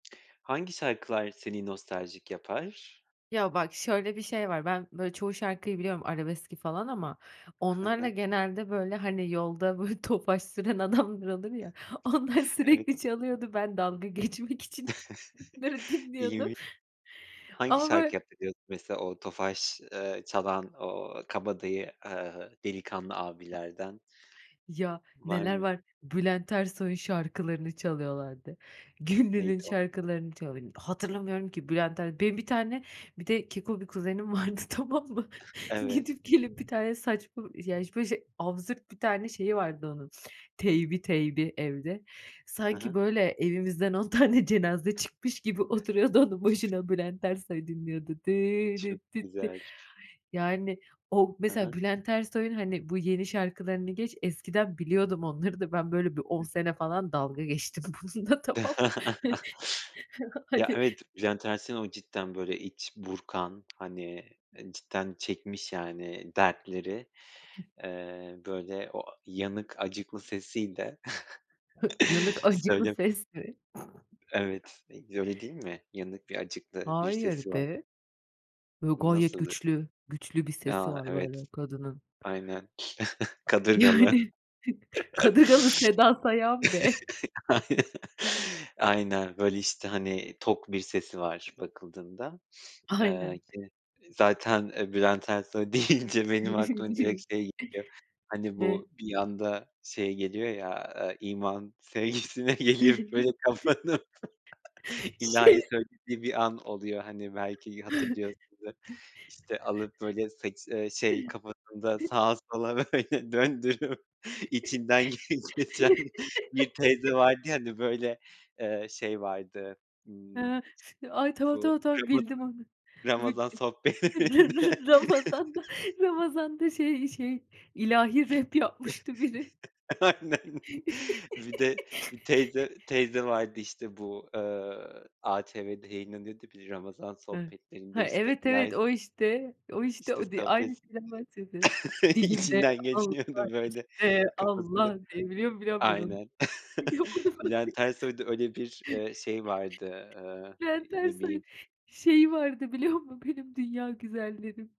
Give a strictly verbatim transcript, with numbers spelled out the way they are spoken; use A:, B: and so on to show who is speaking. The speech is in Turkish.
A: Hangi şarkılar seni nostaljik yapar?
B: Ya bak şöyle bir şey var, ben böyle çoğu şarkıyı biliyorum arabeski falan ama
A: Hı
B: onlarla
A: hı.
B: genelde böyle, hani, yolda böyle Tofaş süren adamlar olur ya, onlar
A: Evet.
B: sürekli çalıyordu. Ben dalga geçmek için onları dinliyordum
A: İyiymiş. Hangi
B: ama
A: şarkı
B: böyle
A: yaptı diyordun mesela o Tofaş, eee, çalan o kabadayı, ııı, delikanlı abilerden?
B: Ya
A: Var
B: neler
A: mı?
B: var, Bülent Ersoy'un şarkılarını çalıyorlardı, Güllü'nün
A: Neydi o?
B: şarkılarını çalıyor. Hatırlamıyorum ki Bülent Ersoy, benim bir tane, bir de keko bir kuzenim vardı tamam mı?
A: Evet.
B: Gidip gelip bir tane saçma, yani böyle şey absürt bir tane şeyi vardı onun, teybi, teybi evde.
A: Hı
B: Sanki
A: hı.
B: böyle evimizden on tane cenaze çıkmış gibi oturuyordu onun başına Bülent Ersoy dinliyordu. Dıı
A: Çok
B: dit dit di.
A: güzel.
B: Yani o
A: Hı
B: mesela
A: hı.
B: Bülent Ersoy'un, hani, bu yeni şarkılarını geç, eskiden biliyordum onları da ben böyle bir on
A: Hı hı.
B: sene falan dalga geçtim bununla tamam mı?
A: Ya,
B: Hani
A: evet, Bülent Ersoy'un o cidden böyle iç burkan hani, cidden çekmiş yani dertleri, eee, böyle o a yanık acıklı sesiyle
B: Yanık, acıklı
A: söylem
B: ses mi?
A: Evet, öyle değil mi? Yanık bir acıklı bir
B: Hayır
A: sesi var.
B: be. Böyle gayet
A: Nasıl ı
B: güçlü, güçlü bir sesi
A: Ya,
B: var
A: evet.
B: böyle kadının.
A: Aynen. Kadırgalı.
B: Yani, Kadırgalı Seda Sayan be.
A: Aynen, aynen böyle işte, hani, tok bir sesi var bakıldığında.
B: Aynen.
A: Eee, ki zaten, e, Bülent Ersoy deyince benim aklıma direkt şey geliyor, hani,
B: Evet.
A: bu bir anda şey geliyor ya, ııı, iman sevgisine geliyor böyle kapanıp
B: Şey
A: ilahi söylediği bir an oluyor, hani, belki hatırlıyorsundur, işte, alıp böyle saçı eee, şey kafasında sağa sola böyle döndürüp içinden geçiren bir teyze vardı ya, hani, böyle, eee, şey vardı, ımm,
B: Ha. Ay, tamam,
A: bu
B: tamam, tamam,
A: Ramazan,
B: bildim onu. Bi
A: Ramazan sohbetlerinde.
B: ra Ramazan'da Ramazan'da şey şey ilahi rap yapmıştı biri.
A: Aynen. Bir de bir teyze, teyze vardı, işte, bu, eee, ATV'de yayınlanıyordu bir Ramazan
B: Evet,
A: sohbetlerinde
B: ha,
A: ,işte,
B: evet,
A: İlahi
B: evet
A: s
B: o işte, o işte
A: İşte
B: o te aynı
A: sohbet...
B: kişiden bahsediyoruz. Dilimde
A: içinden
B: Allah,
A: geçiyordu böyle
B: içimde
A: kafasını
B: Allah, diye biliyorum biliyorum ben onu.
A: aynen
B: Biliyorum onu ben.
A: Bülent Ersoy'da öyle bir, eee, şey vardı, ııı,
B: Bülent
A: ne
B: Ersoy'un,
A: bileyim.
B: şeyi vardı biliyor musun: Benim Dünya Güzellerim.